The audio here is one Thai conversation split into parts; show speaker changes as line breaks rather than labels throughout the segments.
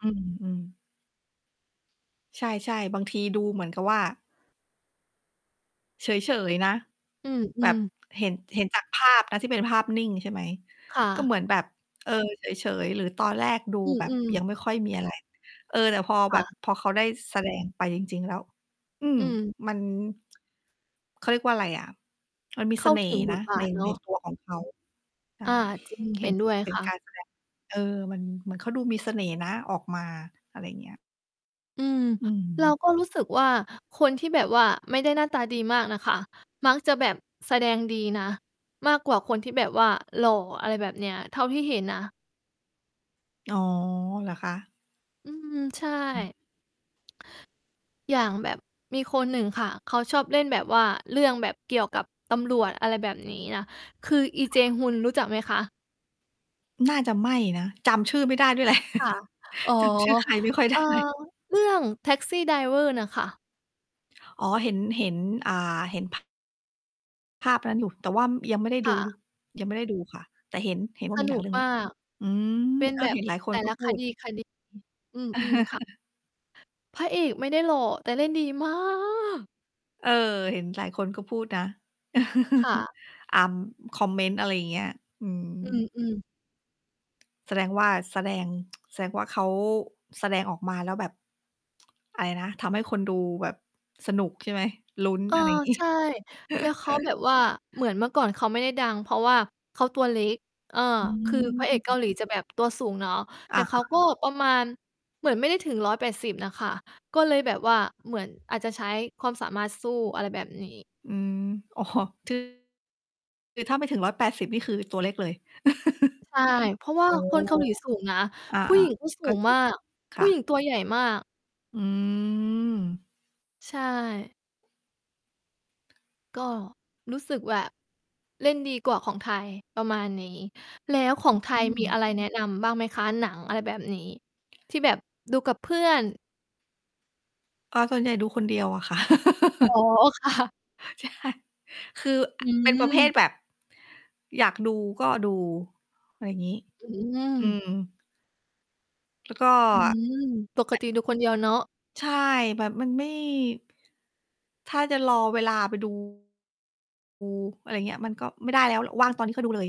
อืม ๆ ใช่ ๆ บางทีดูเหมือนกับว่า เฉย ๆ นะ
อื
แบบ
อ ๆ
เห็น เห็นจากภาพนะที่เป็นภาพนิ่ง ใช่ไหม
ค่
ก็
ะ
เหมือนแบบ เออ เฉย ๆ หรือตอนแรกดู
อื
แบบ
อ
ย
ๆ
ังไม่ค่อยมี อะไร เออ แต่พอ
ค
แบ
่
บ
ะ
พอเขาได้แสดงไปจริง ๆ แล้ว อืม
อืม
มัน เขาเรียกว่าอะไรอะ มันมี
เ
เ
ข
ส
้า
น่
ถ
ห
ึ
์
ง
น
บ
ะ
ทบ
ใน
าทเน
ใน
าะ
ตัวของเขา ใช่
อา จริง
เป
เ
็
ห็
น
นด้วย
เป็
ค
น
่
กา
ะ
รแสดง เออ มันเหมือนเขาดูมีเสน่ห์นะ ออกมา อะไรอย่างเงี้ย
อืม
อื
เรา
ม
ก็รู้สึกว่า คนที่แบบว่าไม่ได้หน้าตาดีมากน่ะค่ะ มักจะแบบแสดงดีนะ มากกว่าคนที่แบบว่าหล่อ อะไรแบบเนี้ย เท่าที่เห็นนะ
อ๋อ เหรอคะ?
อืม ใช
อืม
่ อย่างแบบมีคนหนึ่งค่ะ เขาชอบเล่นแบบว่า เรื่องแบบเกี่ยวกับตำรวจ อะไรแบบนี้นะ คือ อี
ค
เจ
่ะ
ฮุน รู้จักไหมคะ?
น่าจะไม่นะ จำชื่อไม่ได้ด้วย แหละ
ค่ะ อ๋อ
จำชื่อใครไม่ค่อย
เ
ไ
อ
ด
่อ
้
เรื่อง Taxi Driver น่ะค่ะ
อ๋อ เห็น เห็น อ่า เห็น ภ ภาพนั้นอยู่ แต่ว่า ม ยังไม่ได้
ค
ดู
่
ดู
ะ
ยังไม่ได้ดูค่ะ แต่เห็น เห็นว
ส
่ามี
น
หนั
ุ
ง
ก
เรื่อง
ม
นี
า
้
ก
อืม
เป็น
เอ
แบ
อ เ
บ
ห็นหลายค
แ
น
ต่
ก็
ละ
พ
ค
ูด
ดี ๆ อืม ๆ ค่ะ พระเอกไม่ได้หล่อ แต่เล่นดี มาก
เออ เห็นหลายคนก็พูดนะ
ค่ะ
อำ คอมเมนต์ อะไรอย่างเงี้ย อื
อ
ม
ืม ๆ
แสดงว่า แสดง แสดงว่าเขา แสดงออกมาแล้วแบบ อะไรนะ ทำให้คนดูแบบสนุก ใช่ไหม ลุ้น
เออ
อะไรงี้
ใช่ แล้วเขาแบบว่า เหมือนเมื่อก่อนเขาไม่ได้ดัง เพราะว่าเขาตัวเล็ก เออ
อ
คือพร
ื
ะเอกเกา
ม
หลีจะแบบตัวสูงเนาะ
อ
แต่
า
เขาก
ๆ
็ประมาณ เหมือนไม่ได้ถึง 180 น่ะค่ะ ก็เลยแบบว่า เหมือนอาจจะใช้ความสามารถสู้ อะไรแบบนี้
อืม อ๋อ คือถ้าไม่ถึง 180 นี่คือตัวเล็กเลย
ใช่ เพราะว่
โ
า
อ้
คนเกาหลีสูงนะ
อา
ผู้หญิงก็ส
ๆ
ู
ก็
ง
จริ
มา
ง
ก
ค
ผู
่
้หญิ
ะ
งตัวใหญ่มาก
อืม
ใช่ ก็ รู้สึกแบบ เล่นดีกว่าของไทย ประมาณนี้ แล้วของไท
อ
ย
ื
มี
ม
อะไรแนะนำบ้างไหมคะ? หนังอะไรแบบนี้ ที่แบบดูกับเพื่อน
อ๋อ ส่วนใหญ่ดูคนเดียวอะค่ะ
อ๋อ ค่ะ
ใช่ คือ
อ
เป็นประเภท
ืม
แบบอยากดูก็ดู อะไรงี้
อื
อื
ม
ม แล้วก็
อืม ปกติดูคนเดียวเนาะ
ใช่ แบบมันไม่ ถ้าจะรอเวลาไป ดู อะไรเงี้ย มันก็ไม่ได้แล้วอะ ว่างตอนนี้ก็ดูเลย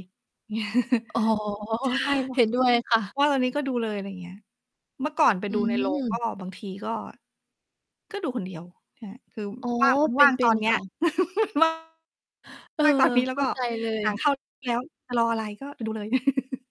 อ๋อ
ใช่ ว
เห็นด้วยค่ะ
ว่างตอนนี้ก็ดูเลย อะไรอย่างเงี้ย เมื่อก่อนไป
อื
ดูใน โรง ก็
ม
บางทีก็ ก็ดูคนเดียว น คือ
อ๋อ
ว่าง มัน
เป
ว
็
่า
น
ง
เป
ต
็
อ
น
นเนี้
ค
ย
่ะ
ว่าง
เออ
ว่าง ตอนนี้ แล้
เข
วก
้า
็
ใจเล
ห
ย
นังเข้าแล้ว จะรออะไร ก็ไปดูเลย